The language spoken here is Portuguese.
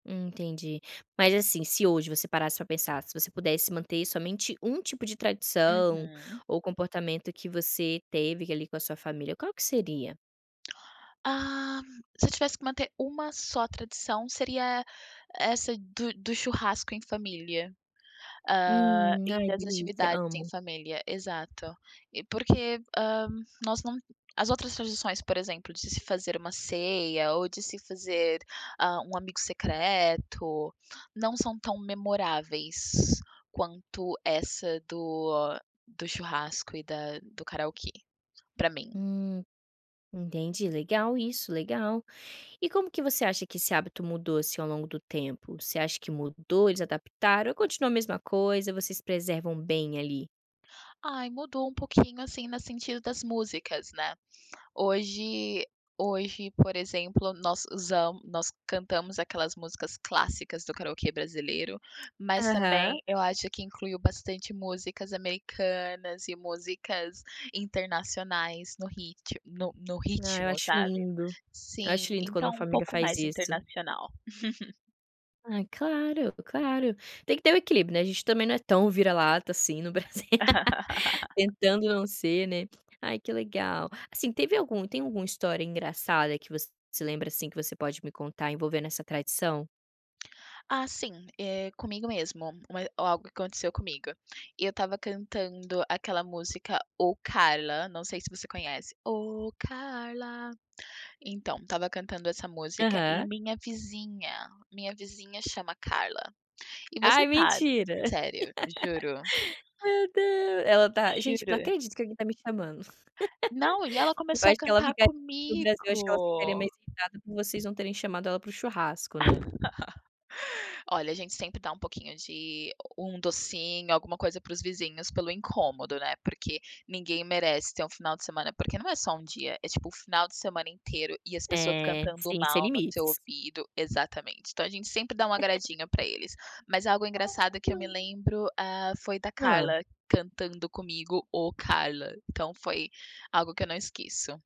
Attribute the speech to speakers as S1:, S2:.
S1: Entendi. Mas, assim, se hoje você parasse pra pensar, se você pudesse manter somente 1 tipo de tradição
S2: Uhum.
S1: ou comportamento que você teve que ali com a sua família, qual que seria?
S2: Ah, se eu tivesse que manter uma só tradição seria essa do do churrasco em família, ah,
S1: Hum.
S2: e
S1: Ai,
S2: das
S1: delícia,
S2: atividades em
S1: amo.
S2: família, exato. E porque, ah, nós não as outras tradições, por exemplo, de se fazer uma ceia ou de se fazer, ah, um amigo secreto, não são tão memoráveis quanto essa do do churrasco e da do karaokê pra mim.
S1: Hum, entendi. Legal isso, legal. E como que você acha que esse hábito mudou, assim, ao longo do tempo? Você acha que mudou, eles adaptaram ou continua a mesma coisa, vocês preservam bem ali?
S2: Ai, mudou um pouquinho, assim, no sentido das músicas, né. Hoje hoje, por exemplo, nós usam nós cantamos aquelas músicas clássicas do karaokê brasileiro, mas
S1: Aham.
S2: também eu acho que incluiu bastante músicas americanas e músicas internacionais no rit no no
S1: Ah, eu
S2: ritmo,
S1: acho
S2: sabe.
S1: lindo, eu
S2: Sim,
S1: acho lindo quando
S2: então
S1: uma
S2: um
S1: família
S2: pouco
S1: faz
S2: mais
S1: isso.
S2: internacional.
S1: Ai, claro, claro. Tem que ter o equilíbrio, né, a gente também não é tão vira-lata assim no Brasil, tentando não ser, né. Ai, que legal. Assim, teve algum tem alguma história engraçada que você se lembra, assim, que você pode me contar envolvendo essa tradição?
S2: Ah, sim. Eh, comigo mesmo ma ou algo aconteceu comigo. Eu estava cantando aquela música: Ô, Carla, não sei se você conhece Ô, Carla. Então, estava cantando essa música e
S1: Aham.
S2: minha vizinha minha vizinha chama Carla. E você
S1: Ai,
S2: sabe
S1: mentira.
S2: sério, juro.
S1: Meu Deus, ela tá: "Gente, não
S2: Juro.
S1: acredito que alguém tá me chamando".
S2: Não, e ela
S1: Eu
S2: começou a
S1: acho que ela
S2: cantar
S1: [unintelligible] no Brasil eu acho que ela ficaria
S2: comigo.
S1: mais irritada por vocês não terem chamado ela para o churrasco, né.
S2: Olha, a gente sempre dá um pouquinho de um docinho, alguma coisa para os vizinhos pelo incômodo, né. Porque ninguém merece ter um final de semana, porque não é só 1 dia, é tipo um final de semana inteiro e as pessoas
S1: É,
S2: cantando
S1: sim, sem
S2: mal no seu
S1: limites.
S2: ouvido. Exatamente. Então a gente sempre dá um agradinho pra eles. Mas algo engraçado que eu me
S1: [unintelligible]
S2: lembro, ah, foi da
S1: Hã.
S2: Carla cantando comigo: Ô, Carla, então foi algo que eu não esqueço.